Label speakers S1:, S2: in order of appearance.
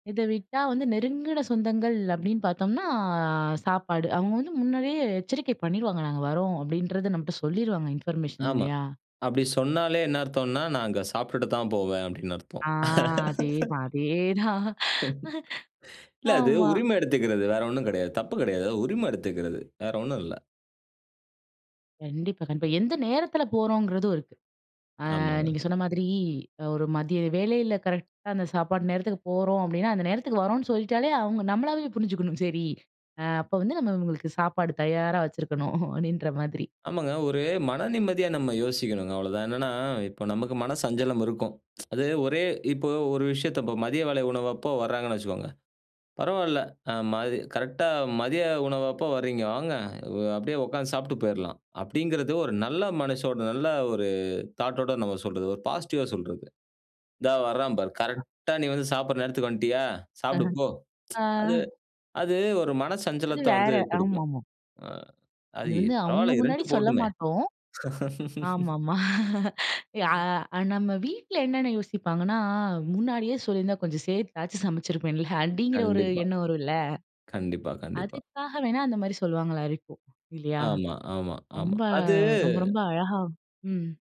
S1: இத விட்டா வந்து, "நெருங்குன சொந்தங்கள்" அப்படீன்னு பாத்தோம்ன்னா சாப்பாடு. அவுங்க வந்து முன்னாடியே எச்சரிக்கை பண்ணிருவாங்க. "நாங்க வரோம்" அப்படீன்றத நம்மட்ட சொல்லிருவாங்க இன்ஃபர்மேஷன்
S2: ஆமா.
S1: இல்லையா?
S2: அப்படி சொன்னாலே என்ன அர்த்தம்ன்னா, "நான் அங்க சாப்ட்டுட்டு தான் போவேன்." அப்படீன்னு அர்த்தம்.
S1: ஆ. அதே தான், அதே தான்.
S2: இல்ல அது
S1: ஆமா.
S2: உரிமை எடுத்துக்கிறது, வேற ஒண்ணும் கெடையாது. தப்பு கெடையாது. உரிமை எடுத்துக்கிறது, வேற ஒண்ணும் இல்ல.
S1: கண்டிப்பா, கண்டிப்பா. எந்த நேரத்தில போறோம்ங்கிறதும் இருக்கு. அ
S2: ஆமாங்க.
S1: நீங்க சொன்ன மாதிரி, ஒரு மதிய வேளையில கரெக்ட்டா அந்த சாப்பாடு நேரத்துக்கு போறோம் அப்படீன்னா அந்த நேரத்துக்கு வரோம்ன்னு சொல்லிட்டாலே அவுங்க நம்மளாவே புரிஞ்சுக்கணும், "சரி, அ அப்ப வந்து நம்ம இவங்களுக்கு சாப்பாடு தயாரா வச்சிருக்கணும்." அப்படீன்ற மாதிரி.
S2: ஆமாங்க. ஒரு மன நிம்மதியா நம்ம யோசிக்கணும்ங்க அவ்வளோதான். என்னன்னா, இப்ப நமக்கு மன சஞ்சலம் இருக்கும். அது ஒரே இப்ப ஒரு விஷயத்த இப்ப மதிய வேலை உணவப்போ வராங்கன்னு வச்சுக்கோங்க, பரவால்ல அ மதி "கரெக்ட்டா மதிய உணவப்போ வர்றீங்க, வாங்க! வ் அப்படியே உக்கார்ந்து சாப்புட்டு போயிரலாம்." அப்படீங்கிறது ஒரு நல்ல மனசோட, நல்ல ஒரு தாட்டோட நம்ம சொல்றது. ஒரு பாசிட்டிவா சொல்றது. "இந்தா வரான் பாரு!
S1: அ.
S2: கரெக்ட்டா நீ வந்து சாப்படுற நேரத்துக்கு வண்ட்டியா?
S1: அஹ.
S2: சாப்புடு போ". அது
S1: அ.
S2: அது ஒரு மன
S1: அது
S2: சஞ்சலத்த வந்து
S1: வேற.
S2: குடுக்கும்.
S1: ஆமாமா.
S2: அ அது
S1: அது
S2: இ
S1: வந்து அவுங்க
S2: பரவால்ல
S1: முன்னாடி
S2: இருன்ட்டு
S1: சொல்ல
S2: போட்டுமே.
S1: மாட்டோம். ஆமா, ஆமா. யா நம்ம வீட்ல என்னன்னு யோசிப்பாங்கன்னா, "முன்னாடியே சொல்லியிருந்தா கொஞ்சம் சேத்தாச்சும் சமைச்சிருப்பேன்ல." அப்படீங்கிற ஒரு
S2: கண்டிப்பா.
S1: எண்ணம் வரும் இல்ல.
S2: கண்டிப்பா, கண்டிப்பா.
S1: அதுக்காக வேணா அந்த மாரி சொல்லுவாங்களா இருக்கும், இல்லையா?
S2: ஆமா, ஆமா, ஆமா.
S1: ரொம்ப,
S2: அது
S1: ரொம்ப, ரொம்ப அழகா ம்.